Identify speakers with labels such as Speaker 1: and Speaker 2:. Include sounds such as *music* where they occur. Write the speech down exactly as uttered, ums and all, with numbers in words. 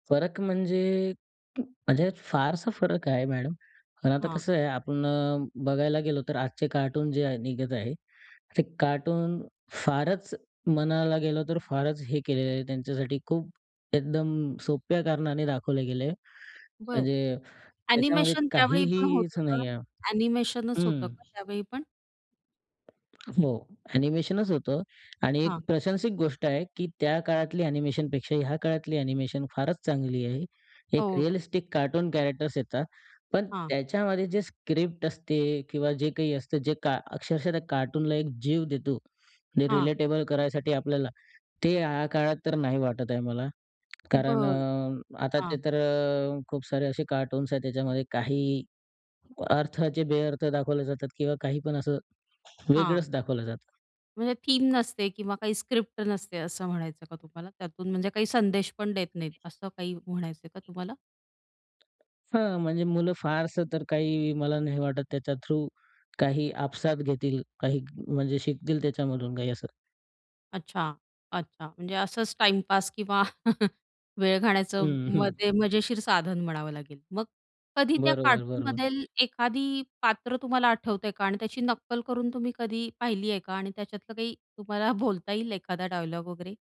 Speaker 1: फरक म्हणजे म्हणजे फारसा फरक आहे मॅडम. पण आता
Speaker 2: हां.
Speaker 1: कसं आहे आपण बघायला गेलो तर आजचे कार्टून जे आहे, निघत आहे ते कार्टून फारच म्हणायला गेलो, तर फारच हे केलेलं आहे, त्यांच्यासाठी खूप एकदम सोप्या कारणाने दाखवले गेलय,
Speaker 2: बरं,
Speaker 1: म्हणजे त्याच्यामध्ये
Speaker 2: ॲनिमेशन त्यावेळी पण
Speaker 1: काहीहीच
Speaker 2: होतं का?
Speaker 1: नाही आहे.
Speaker 2: एनिमेशनच होतं
Speaker 1: हम्म.
Speaker 2: का त्यावेळी पण?
Speaker 1: हो, ॲनिमेशनच होतं आणि एक
Speaker 2: हां.
Speaker 1: प्रशंसिक गोष्ट आहे, की त्या काळातली ॲनिमेशन पेक्षा ह्या काळातली ॲनिमेशन फारच चांगली आहे. एक
Speaker 2: हो.
Speaker 1: रिअलिस्टिक कार्टून कॅरेक्टर्स येतात, पण
Speaker 2: हां.
Speaker 1: त्याच्यामध्ये जे स्क्रिप्ट असते किंवा जे काही असतं जे का अक्षरशः त्या कार्टूनला एक जीव देतो म्हणजे
Speaker 2: हां.
Speaker 1: रिलेटेबल करायसाठी आपल्याला, ते ह्या काळात तर नाही वाटत आहे मला, कारण
Speaker 2: बरं,
Speaker 1: अ, आता ते
Speaker 2: हां.
Speaker 1: तर अ, खूप सारे असे कार्टून्स आहेत, त्याच्यामध्ये काही अर्थाचे बेअर्थ दाखवले जातात किंवा काही पण असं
Speaker 2: हां.
Speaker 1: वेगळंच दाखवलं जातं.
Speaker 2: म्हणजे थीम नसते किंवा काही स्क्रिप्ट नसते असं म्हणायचं का तुम्हाला? त्यातून म्हणजे काही संदेश पण देत नाहीत असं काही म्हणायचंय का तुम्हाला?
Speaker 1: हां, म्हणजे मुलं फारसं तर काही, मला नाही वाटत त्याच्या थ्रू काही आपसात घेतील काही, म्हणजे शिकतील त्याच्यामधून काही, असं.
Speaker 2: अच्छा, अच्छा म्हणजे असंच टाईमपास किंवा *chuckles* वेळ घाण्याचं
Speaker 1: हम्म.
Speaker 2: मग
Speaker 1: *chuckles*
Speaker 2: ते मजेशीर साधन म्हणावं लागेल. मग कधी त्या
Speaker 1: बरोबर, बरोबर.
Speaker 2: कार्टूनमधेल एखादी पात्र तुम्हाला आठवतंय का? आणि त्याची नक्कल करून तुम्ही कधी पाहिली आहे का? आणि त्याच्यातलं काही तुम्हाला बोलता येईल, एखादा डायलॉग वगैरे?